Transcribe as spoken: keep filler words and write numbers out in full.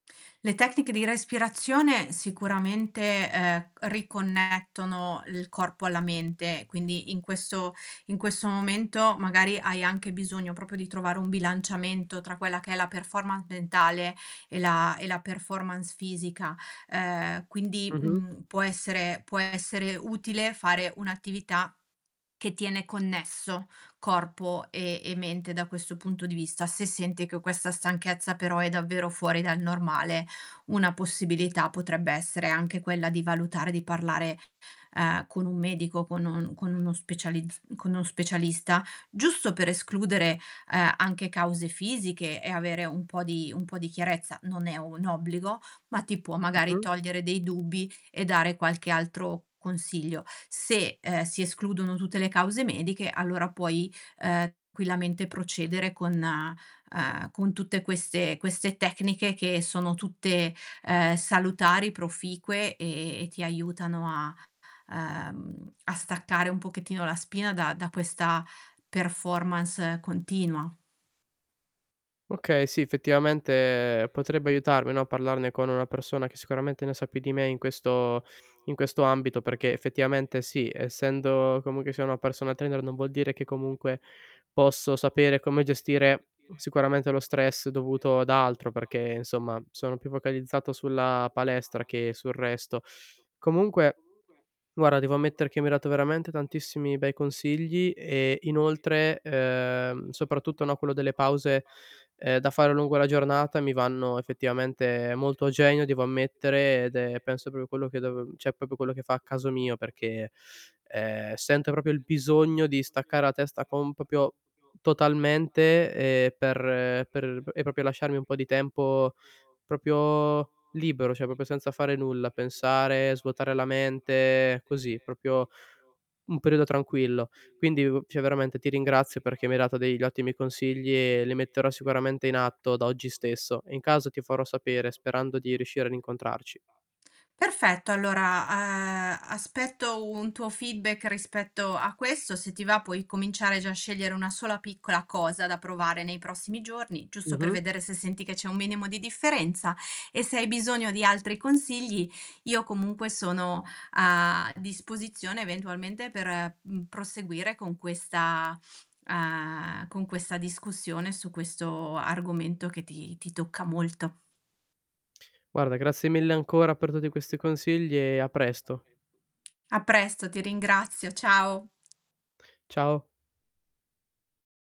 Le tecniche di respirazione sicuramente, ehm, riconnettono il corpo alla mente, quindi in questo in questo momento magari hai anche bisogno propio di trovare un bilanciamento tra quella che è la performance mentale e la e la performance fisica, ehm, quindi, Mh-mh. mhmm, può essere può essere utile fare un'attività che tiene connesso corpo e e mente da questo punto di vista. Se senti che questa stanchezza però è davvero fuori dal normale, una possibilità potrebbe essere anche quella di valutare di parlare, ehm, con un medico, con un con uno specializz con un specialista, giusto per escludere, ehm, anche cause fisiche e avere un po' di un po' di chiarezza. Non è un obbligo, ma ti può magari Mh-mh. togliere dei dubbi e dare qualche altro consiglio. Se, ehm, si escludono tutte le cause mediche allora puoi, ehm, quillamente procedere con, ehm, con tutte queste queste tecniche che sono tutte, ehm, salutari, proficue e e ti aiutano a ehm, a staccare un pochettino la spina da da questa performance continua. Okay, sì, effettivamente potrebbe aiutarmi, no, parlarne con una persona che sicuramente ne sa più di me in questo in questo ambito perché effettivamente sì, essendo comunque sia una personal trainer non vuol dire che comunque posso sapere come gestire sicuramente lo stress dovuto ad altro perché, insomma, sono più focalizzato sulla palestra che sul resto. Comunque, guarda devo ammettere che mi hai dato veramente tantissimi bei consigli e inoltre, ehm, soprattutto no, quello delle pause, ehm, da fare lungo la giornata mi vanno effettivamente molto a genio devo ammettere ed è penso propio quello che dovev ceh, popo quello che fa al caso mio perché, ehm, sento propio, il bisogno di staccare la testa con popio totalmente, ehm, per per e propio lasciarmi un po' di tempo propio libero, ceh propio senza fare nulla, pensare, svuotare la mente, così propio un periodo tranquillo. Quindi, u ceh veramente ti ringrazio perché mi hai dato degli ottimi consigli e li metterò sicuramente in atto da oggi stesso. E in caso ti farò sapere sperando di riuscire ad incontrarci. Perfetto allora, uhm, aspetto un tuo feedback rispetto a questo. Se ti va puoi cominciare già a scegliere una sola piccola cosa da provare nei prossimi giorni, giusto per Mh-mh. vedere se senti che c'è un minimo di differenza e se hai bisogno di altri consigli io comunque sono a disposizione eventualmente per, mhmm, proseguire con questa, uhm, con questa discussione su questo argomento che ti ti tocca molto. Guarda grazie mille ancora per tutti questi consigli e a presto. A presto, ti ringrazio, ciao. Ciao.